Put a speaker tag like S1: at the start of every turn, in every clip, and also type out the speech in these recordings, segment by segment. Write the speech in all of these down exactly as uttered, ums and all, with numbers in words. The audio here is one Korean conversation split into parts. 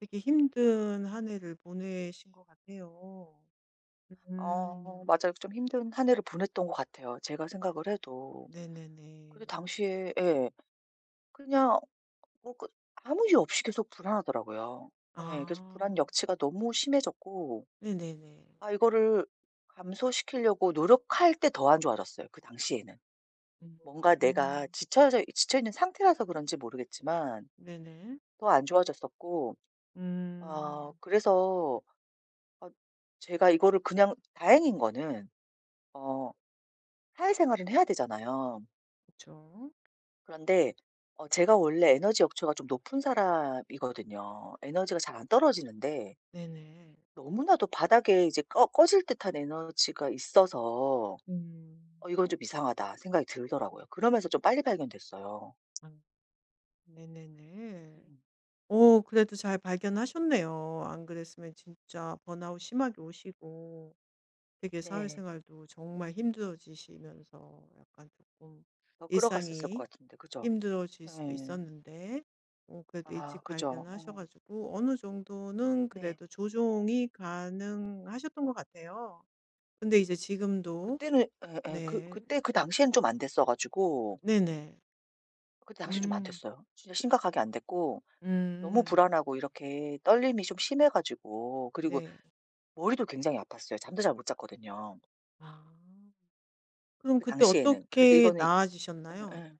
S1: 되게 힘든 한 해를 보내신 것 같아요.
S2: 어
S1: 음.
S2: 맞아요. 좀 힘든 한 해를 보냈던 것 같아요 제가 생각을 해도. 근데
S1: 네네네.
S2: 당시에 예. 그냥 뭐 끝 아무 이유 없이 계속 불안하더라고요. 예. 그래서
S1: 아.
S2: 불안 역치가 너무 심해졌고
S1: 네네네.
S2: 아 이거를 감소시키려고 노력할 때 더 안 좋아졌어요 그 당시에는. 뭔가 내가
S1: 음.
S2: 지쳐져 있 지쳐 있는 상태라서 그런지 모르겠지만
S1: 네네.
S2: 더 안 좋아졌었고 어
S1: 음.
S2: 그래서 어 제가 이거를 그냥 다행인 거는 어 사회생활은 해야 되잖아요.
S1: 그쵸.
S2: 그런데 어 제가 원래 에너지 역치가 좀 높은 사람이거든요. 에너지가 잘 안 떨어지는데
S1: 네네.
S2: 너무나도 바닥에 이제 꺼 꺼질 듯한 에너지가 있어서
S1: 음.
S2: '어 이건 좀 이상하다.' 생각이 들더라고요. 그러면서 좀 빨리 발견됐어요.
S1: 아. 네네네.
S2: 음.
S1: 어 그래도 잘 발견하셨네요. 안 그랬으면 진짜 번아웃 심하게 오시고 되게
S2: 네.
S1: 사회생활도 정말 힘들어지시면서 약간 쪼금
S2: 더 끌어갔었을
S1: 일상이
S2: 것 같은데 그죠?
S1: 힘들어질 수도
S2: 예.
S1: 있었는데 어 그래도
S2: 아
S1: 일찍
S2: 그죠.
S1: 발견하셔
S2: 어.
S1: 가지고 어느 정도는
S2: 네.
S1: 그래도 조정이 가능하셨던 것 같아요. 근데 이제 지금도
S2: 그때는 예예. 그
S1: 네.
S2: 그때 그 당시에는 좀 안됐어 가지고
S1: 네네.
S2: 그 당시에는 좀 안
S1: 음.
S2: 됐어요. 진짜 심각하게 안 됐고 너무
S1: 음음.
S2: 불안하고 이렇게 떨림이 좀 심해 가지고 그리고
S1: 네.
S2: 머리도 굉장히 아팠어요. 잠도 잘 못 잤거든요.
S1: 아. 그럼
S2: 그
S1: 그때
S2: 당시에는. 그래서
S1: 어떻게
S2: 이거는
S1: 나아지셨나요?
S2: 예예.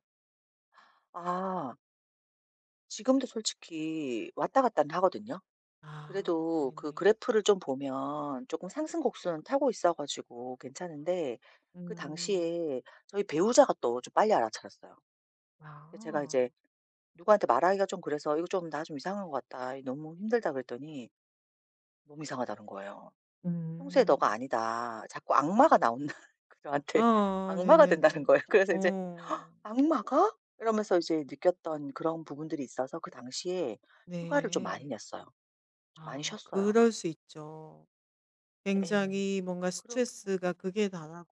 S2: 아. 지금도 솔직히 왔다 갔다는 하거든요.
S1: 아
S2: 그래도 그
S1: 네네.
S2: 그래프를 좀 보면 쪼끔 상승곡선은 타고 있어 가지고 괜찮은데 그
S1: 음.
S2: 당시에 저희 배우자가 또 좀 빨리 알아차렸어요. 근데 제가
S1: 아.
S2: 이제 누구한테 말하기가 좀 그래서 "이거 좀 나 좀 이상한 것 같다. 이게 너무 힘들다." 그랬더니 몸이 이상하다는 거예요. "평소의
S1: 음.
S2: 너가 아니다. 자꾸 악마가 나온다." 저한테
S1: 아
S2: 악마가 된다는
S1: 네네네.
S2: 거예요. 그래서 이제
S1: 어.
S2: '악마가?' 이러면서 이제 느꼈던 그런 부분들이 있어서 그 당시에 휴가를 좀 많이
S1: 네.
S2: 냈어요. 좀 많이
S1: 아
S2: 쉬었어요.
S1: 그럴 수 있죠.
S2: 예예.
S1: 굉장히 뭔가
S2: 그렇게
S1: 스트레스가 극에 달하